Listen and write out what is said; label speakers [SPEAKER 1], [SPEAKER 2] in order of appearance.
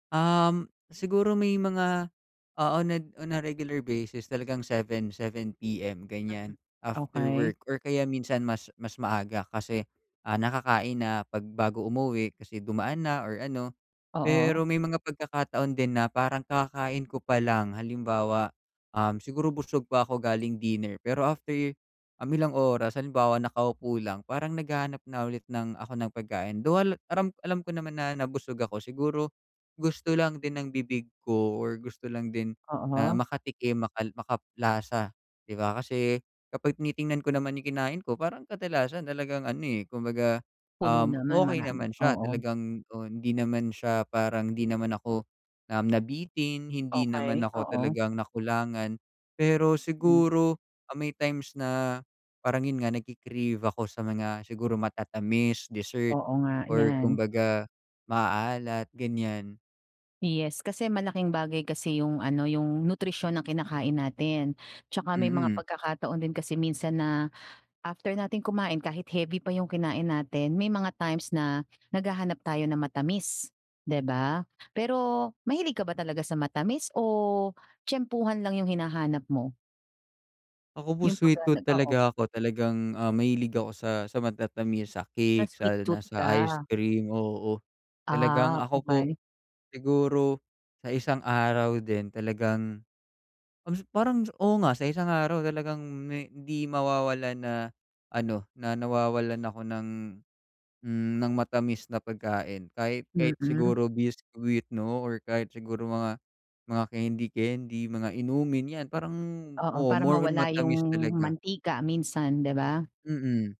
[SPEAKER 1] Um, siguro may mga oo nag on a regular basis talagang 7:00, 7:00 PM
[SPEAKER 2] Mm,
[SPEAKER 1] ganiyan, after
[SPEAKER 2] okey.
[SPEAKER 1] work or kaya minsan mas mas maaga kasi, ah, nakakain na 'pag bago umuwi kasi dumaan na or ano.
[SPEAKER 2] Oo.
[SPEAKER 1] Pero may mga pagkakataon din na parang kakakain ko palang halimbawa, um, siguro busog pa ako galing dinner, pero after, um, ilang oras halimbawa nakaupo lang parang naghahanap na ulit ng ako ng pagkain. Though al alam alam ko naman na nabusog ako siguro, gusto lang din ng bibig ko or gusto lang din na
[SPEAKER 2] Oo.
[SPEAKER 1] makatikim makal makalasa 'di ba kasi, kapag tinitingnan ko naman yung kinain ko parang kadalasan talagang ano, eh, kumbaga,
[SPEAKER 2] Puno
[SPEAKER 1] um,
[SPEAKER 2] naman
[SPEAKER 1] okey
[SPEAKER 2] marami,
[SPEAKER 1] naman siya
[SPEAKER 2] oo.
[SPEAKER 1] talagang, o hindi naman siya parang hindi naman ako, um, nabitin, hindi naman
[SPEAKER 2] Okey,
[SPEAKER 1] ako
[SPEAKER 2] oo.
[SPEAKER 1] talagang nakulangan. Pero
[SPEAKER 2] Hmm.
[SPEAKER 1] siguro, ah, may times na parang 'yun nga nagki-crave ako sa mga siguro matatamis, dessert,
[SPEAKER 2] Oo nga,
[SPEAKER 1] or
[SPEAKER 2] yan.
[SPEAKER 1] kumbaga maaalat, ganiyan.
[SPEAKER 2] Yes, kasi malaking bagay kasi yung ano, yung nutrisyon ng kinakain natin, 'tsaka may mga
[SPEAKER 1] Mm.
[SPEAKER 2] pagkakataon din kasi minsan na after natin kumain kahit heavy pa 'yong kinain natin, may mga times na naghahanap tayo ng matamis 'di ba? Pero, mahilig ka ba talaga sa matamis o tyempuhan lang yung hinahanap mo?
[SPEAKER 1] Ako po
[SPEAKER 2] Yung pag,
[SPEAKER 1] sweet tooth
[SPEAKER 2] ah, oo.
[SPEAKER 1] talaga ako, talagang, ah, mahilig ako sa, sa matatamis, sa
[SPEAKER 2] Na
[SPEAKER 1] cake
[SPEAKER 2] sweet
[SPEAKER 1] sa lalo na
[SPEAKER 2] tooth
[SPEAKER 1] sa
[SPEAKER 2] ka.
[SPEAKER 1] ice cream oo talagang
[SPEAKER 2] Ah,
[SPEAKER 1] ako po,
[SPEAKER 2] okey.
[SPEAKER 1] siguro, sa isang araw din talagang, kas parang oo nga sa isang araw talagang me hindi mawawalan na ano, na nawawalan ako ng, hmm, ng matamis na pagkain kahit, kahit
[SPEAKER 2] Mm.
[SPEAKER 1] siguro biscuit 'no, or kahit siguro mga, mga kendi-kendi, mga inumin yan, parang
[SPEAKER 2] Oo,
[SPEAKER 1] oo
[SPEAKER 2] para
[SPEAKER 1] more on
[SPEAKER 2] mawala yung
[SPEAKER 1] matamis talaga.
[SPEAKER 2] mantika minsan, 'di ba?
[SPEAKER 1] Mm.